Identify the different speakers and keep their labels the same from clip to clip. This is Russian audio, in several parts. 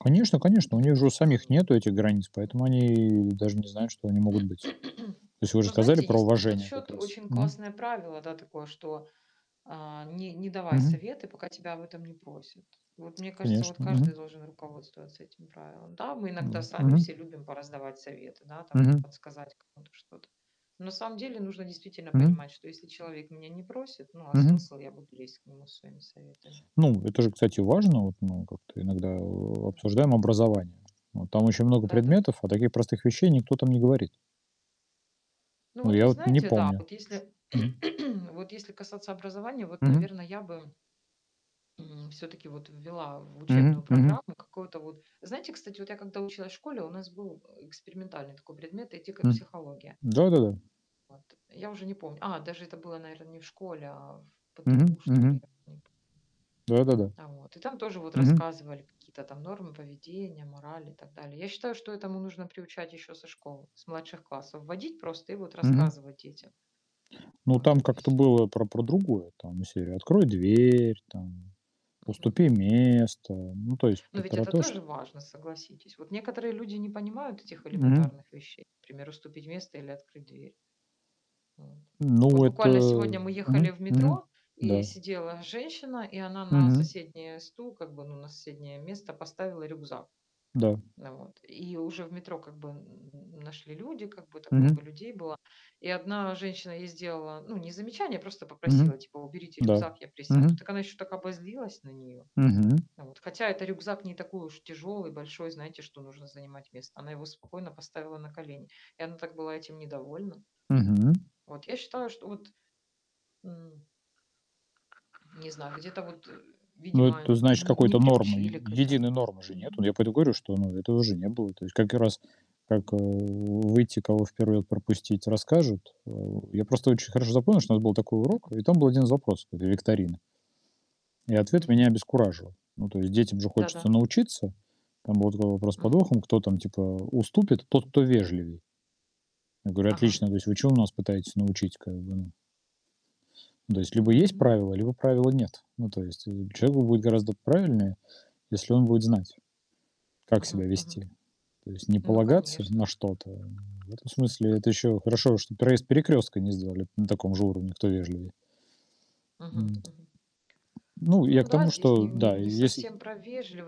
Speaker 1: Конечно конечно. У них
Speaker 2: [unintelligible]
Speaker 1: же у
Speaker 2: что
Speaker 1: самих
Speaker 2: они
Speaker 1: нету этих границ, поэтому
Speaker 2: М-м.
Speaker 1: они даже не знают, что они могут быть. То есть вы же
Speaker 2: Ну,
Speaker 1: сказали
Speaker 2: знаете,
Speaker 1: про
Speaker 2: есть на этот
Speaker 1: уважение как
Speaker 2: счёт
Speaker 1: раз.
Speaker 2: очень
Speaker 1: Мгм.
Speaker 2: классное правило, да, такое, что, э, не не давай
Speaker 1: Мгм.
Speaker 2: советы, пока тебя об этом не просят. Вот мне кажется, вот
Speaker 1: Конечно.
Speaker 2: каждый
Speaker 1: Мгм.
Speaker 2: должен руководствоваться этим правилом. Да, мы
Speaker 1: Ну
Speaker 2: иногда
Speaker 1: вот.
Speaker 2: сами
Speaker 1: Мгм.
Speaker 2: все любим пораздавать советы, да, там
Speaker 1: Мгм.
Speaker 2: подсказать кому-то что-то. Но на самом деле нужно действительно
Speaker 1: Мгм.
Speaker 2: понимать, что, если человек меня не просит, ну, а
Speaker 1: Мгм.
Speaker 2: смысл- я буду лезть к нему со своими советами?
Speaker 1: Ну, это же, кстати, важно. Вот, ну, как-то иногда о
Speaker 2: Мгм.
Speaker 1: обсуждаем образование. Вот там очень много
Speaker 2: Да-да.
Speaker 1: предметов, а таких простых вещей никто там не говорит.
Speaker 2: Ну,
Speaker 1: Ну,
Speaker 2: вот
Speaker 1: я
Speaker 2: вы
Speaker 1: вот не
Speaker 2: знаете, да,
Speaker 1: помню.
Speaker 2: вот если
Speaker 1: Мгм.
Speaker 2: вот если касаться образования, вот,
Speaker 1: Мгм.
Speaker 2: наверное, я бы м, всё-таки вот ввела в
Speaker 1: Мгм,
Speaker 2: учебную
Speaker 1: мгм.
Speaker 2: программу какое-то вот Знаете, кстати, вот я когда училась в школе, у нас был, э, экспериментальный такой предмет "Этика,
Speaker 1: М.
Speaker 2: психология".
Speaker 1: Да-да-да.
Speaker 2: Вот. Я уже не помню. А, даже это было, наверно, не в школе, а в
Speaker 1: Мгм,
Speaker 2: ПТУ, что ли, я
Speaker 1: мгм.
Speaker 2: т не по
Speaker 1: Да-да-да.
Speaker 2: А, вот. И там тоже вот
Speaker 1: Мгм.
Speaker 2: рассказывали какие-то там нормы поведения, морали и так далее. Я считаю, что этому нужно приучать ещё со школы, с младших классов вводить просто и вот
Speaker 1: Мгм.
Speaker 2: рассказывать детям
Speaker 1: Ну,
Speaker 2: вот
Speaker 1: там
Speaker 2: это
Speaker 1: как-то
Speaker 2: всё.
Speaker 1: было про про другое. Там из серии: "Открой дверь", там:
Speaker 2: Мгм
Speaker 1: "Уступи
Speaker 2: мгм.
Speaker 1: место". Ну, то есть
Speaker 2: Ну
Speaker 1: п
Speaker 2: ведь
Speaker 1: про
Speaker 2: это
Speaker 1: то, что
Speaker 2: тоже важно, согласитесь. Вот некоторые люди не понимают этих
Speaker 1: Мгм.
Speaker 2: элементарных вещей. Пример, уступить место или открыть дверь. Вот.
Speaker 1: Ну,
Speaker 2: Вот
Speaker 1: это
Speaker 2: буквально сегодня мы ехали
Speaker 1: Мгм,
Speaker 2: в
Speaker 1: мгм.
Speaker 2: метро- и
Speaker 1: Да.
Speaker 2: сидела женщина- и она на
Speaker 1: Мгм.
Speaker 2: соседнее стул, как бы, ну, на соседнее место поставила рюкзак.
Speaker 1: Да.
Speaker 2: Э, вот. И уже в метро как бы н нашли люди, как бы так
Speaker 1: Мгм.
Speaker 2: много людей было. И одна женщина ей сделала, ну, не замечание, просто
Speaker 1: Мгм.
Speaker 2: попросила типа: "Уберите
Speaker 1: Да.
Speaker 2: рюкзак, я присяду".
Speaker 1: Мгм.
Speaker 2: Так она ещё так обозлилась на неё,
Speaker 1: Мгм.
Speaker 2: вот. Хотя это рюкзак не такой уж тяжёлый, большой, знаете, что нужно занимать место. Она его спокойно поставила на колени, и она так была этим недовольна.
Speaker 1: Мгм.
Speaker 2: Вот. Я считаю, что вот, м Не знаю, где-то вот,
Speaker 1: Но,
Speaker 2: видимо,
Speaker 1: это значит,
Speaker 2: не не
Speaker 1: какой-то нормы, е
Speaker 2: приучили к этому.
Speaker 1: единой нормы же нету.
Speaker 2: Мгм.
Speaker 1: Я поэтому говорю, что, ну, этого же не было. То есть как и раз, как, э, выйти, кого в 1 ряд пропустить, расскажут. Э, я просто очень хорошо запомнил, что у нас был такой
Speaker 2: М м.
Speaker 1: урок, и там был 1 запрос как бы викторины И ответ меня
Speaker 2: Мгм.
Speaker 1: обескуражил. Ну, то есть детям же хочется
Speaker 2: Да-да.
Speaker 1: научиться. Там был такой вопрос с
Speaker 2: Мгм.
Speaker 1: подвохом: кто там типа уступит? Тот, кто вежливей. Я говорю:
Speaker 2: Ага.
Speaker 1: "Отлично". То есть вы чему нас пытаетесь научить как бы, ну? Ну, то есть либо есть
Speaker 2: М, ну
Speaker 1: правило, либо правила нет. Ну, то есть, э, человеку будет гораздо правильнее, если он будет знать, как себя
Speaker 2: Мгм мгм.
Speaker 1: вести. То есть не
Speaker 2: Ну
Speaker 1: полагаться
Speaker 2: конечно.
Speaker 1: на что-то. В этом смысле это еще хорошо, что проезд перекрестка не сделали на таком же уровне, кто вежливее.
Speaker 2: Мгм
Speaker 1: М.
Speaker 2: мгм.
Speaker 1: Ну, я
Speaker 2: Ну
Speaker 1: к
Speaker 2: да,
Speaker 1: тому,
Speaker 2: здесь
Speaker 1: что
Speaker 2: не не
Speaker 1: да,
Speaker 2: не
Speaker 1: если
Speaker 2: совсем про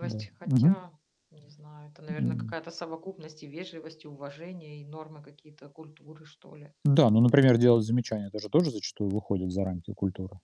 Speaker 1: Да, мгм.
Speaker 2: Хотя? Не знаю, это, наверно,
Speaker 1: М.
Speaker 2: какая-то совокупность: и вежливость, и уважение, и нормы какие-то культуры, что ли.
Speaker 1: Да. Ну, например, делать замечания- это же тоже зачастую выходит за рамки культуры.